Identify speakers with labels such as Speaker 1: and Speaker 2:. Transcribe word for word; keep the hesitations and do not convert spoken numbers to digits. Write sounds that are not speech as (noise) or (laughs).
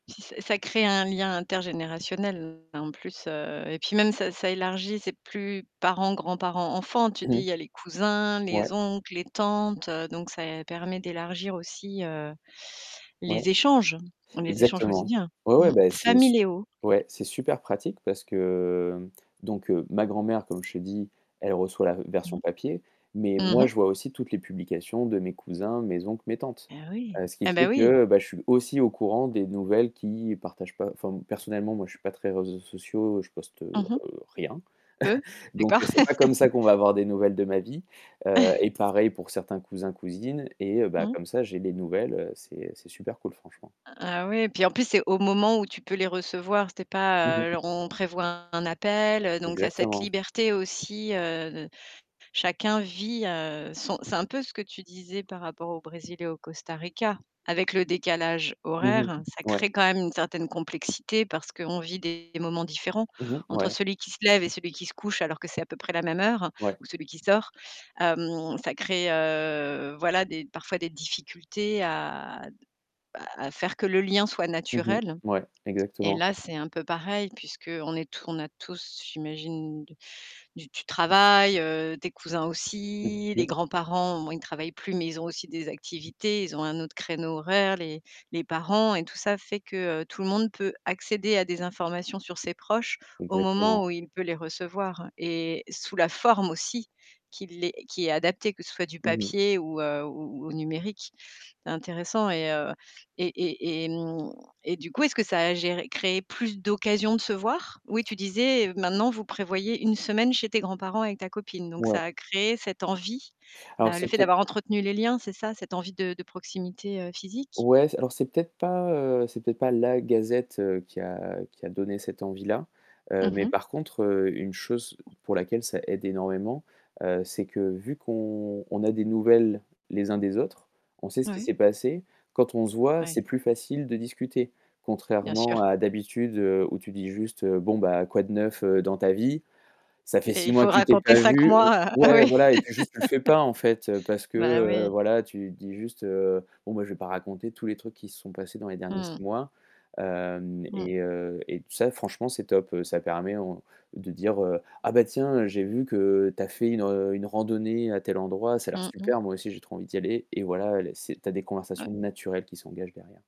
Speaker 1: Si, ça ça crée un lien intergénérationnel en plus, heu et puis même ça ça élargit, c'est plus parents, grands-parents, enfants. Tu te
Speaker 2: Mmh
Speaker 1: dis, il
Speaker 2: mh.
Speaker 1: y a les cousins,
Speaker 2: Ouais.
Speaker 1: les oncles, les tantes, donc ça permet d'élargir aussi, heu,
Speaker 2: Ouais,
Speaker 1: les échanges les échanges
Speaker 2: exactement.
Speaker 1: quotidiens.
Speaker 2: Ouais, ouais,
Speaker 1: Mmh,
Speaker 2: ben c'est su
Speaker 1: familiaux.
Speaker 2: ouais, c'est super pratique parce que donc ma grand-mère, comme je t'ai dit, elle reçoit la version
Speaker 1: Mmh.
Speaker 2: papier, mais
Speaker 1: Mmh
Speaker 2: moi,
Speaker 1: mh.
Speaker 2: je vois aussi toutes les publications de mes cousins, mes oncles, mes tantes.
Speaker 1: Beh oui.
Speaker 2: Heu, ce qui
Speaker 1: Ah
Speaker 2: fait
Speaker 1: ben, oui.
Speaker 2: que, ben, je suis aussi au courant des nouvelles qu'ils partagent pas enfin personnellement, moi je suis pas très réseaux sociaux, je poste, heu,
Speaker 1: Mmh mh.
Speaker 2: heu, rien.
Speaker 1: Peu?
Speaker 2: (chuckles) Donc
Speaker 1: D'accord.
Speaker 2: c'est pas comme
Speaker 1: (laughs)
Speaker 2: ça qu'on va avoir des nouvelles de ma vie, heu
Speaker 1: (laughs)
Speaker 2: et pareil pour certains cousins, cousines et heu, ben
Speaker 1: Mmh.
Speaker 2: comme ça, j'ai des nouvelles. C'est c'est super cool franchement.
Speaker 1: Ah oui et puis en plus, c'est au moment où tu peux les recevoir, c'est
Speaker 2: Mmh
Speaker 1: pas, heu,
Speaker 2: mh.
Speaker 1: alors on prévoit un appel, heu, donc tu as cette
Speaker 2: Exactement.
Speaker 1: liberté aussi, heu heu, chacun vit, heu, son c'est un peu ce que tu disais par rapport au Brésil et au Costa Rica. Avec le décalage
Speaker 2: Mmh mh.
Speaker 1: horaire, ça
Speaker 2: Ouais.
Speaker 1: crée quand même une certaine complexité, parce qu'on vit des moments différents.
Speaker 2: Mmh mh.
Speaker 1: Entre
Speaker 2: Ouais.
Speaker 1: celui qui se lève et celui qui se couche, alors que c'est à peu près la même heure,
Speaker 2: Ouais.
Speaker 1: ou celui qui sort. Hem, ça crée, heu, voilà, des parfois des difficultés à, d à à faire que le lien soit
Speaker 2: Mmh mh.
Speaker 1: naturel
Speaker 2: Ouais,
Speaker 1: et
Speaker 2: exactement.
Speaker 1: là, c'est un peu pareil puisqu'on est t on a tous, j'imagine, d du travail, heu, tes cousins
Speaker 2: Mmh
Speaker 1: aussi, les
Speaker 2: mh.
Speaker 1: grands-parents, au moins, ils travaillent plus, mais ils ont aussi des activités, ils ont un autre créneau horaire, les les parents et tout ça fait que tout le monde peut accéder à des informations sur ses proches au moment
Speaker 2: Exactement.
Speaker 1: où il peut les recevoir et sous la forme aussi, qu'il est qui est adaptée, que ce soit du
Speaker 2: Mmh mh.
Speaker 1: papier ou, heu, ou au ou au numérique. C'est intéressant et heu et et hem et du coup, est-ce que ça a géré créé plus d'occasions de se voir? Oui, tu disais maintenant, vous prévoyez une semaine chez tes grands-parents avec ta copine. Donc
Speaker 2: Ouais.
Speaker 1: ça a créé cette envie?
Speaker 2: Alors
Speaker 1: Heu, le
Speaker 2: c'est
Speaker 1: fait
Speaker 2: peut-être
Speaker 1: d'avoir entretenu les liens, c'est ça? Cette envie de de proximité, heu, physique?
Speaker 2: ouais, c'est alors c'est peut-être pas, heu, c'est peut-être pas la gazette qui a qui a donné cette envie-là, heu,
Speaker 1: Mmh
Speaker 2: mais
Speaker 1: mh.
Speaker 2: par contre, une chose pour laquelle ça aide énormément, heu, c'est que vu qu'on on a des nouvelles, les uns des autres, on sait ce qui
Speaker 1: Oui.
Speaker 2: s'est passé, quand on se voit,
Speaker 1: Oui.
Speaker 2: c'est plus facile de discuter,
Speaker 1: Bien
Speaker 2: contrairement
Speaker 1: sûr.
Speaker 2: à d'habitude où tu dis juste: «Bon ben, quoi de neuf, heu, dans ta vie?» Ça fait
Speaker 1: Et
Speaker 2: six
Speaker 1: il
Speaker 2: mois
Speaker 1: faut
Speaker 2: que tu t'es
Speaker 1: raconter
Speaker 2: pas
Speaker 1: cinq
Speaker 2: vu, heu
Speaker 1: mois, ah
Speaker 2: ouais
Speaker 1: oui.
Speaker 2: voilà et puis juste, tu le fais
Speaker 1: (laughs)
Speaker 2: pas en fait parce que,
Speaker 1: Bah,
Speaker 2: heu,
Speaker 1: oui.
Speaker 2: voilà, tu dis juste, heu: «Bon moi je vais pas raconter tous les trucs qui se sont passés dans les derniers
Speaker 1: Mmh mh.
Speaker 2: six mois», hem
Speaker 1: Mmh.
Speaker 2: et heu et tout ça, franchement c'est top, ça permet, on de dire, heu: «Ah ben tiens, heu, j'ai vu que tu as fait une une randonnée à tel endroit, ça a l'air
Speaker 1: Mmh mh.
Speaker 2: super, moi aussi j'ai trop envie d'y aller» et voilà, les c'est tu as des conversations
Speaker 1: Ouais.
Speaker 2: naturelles qui s'engagent derrière.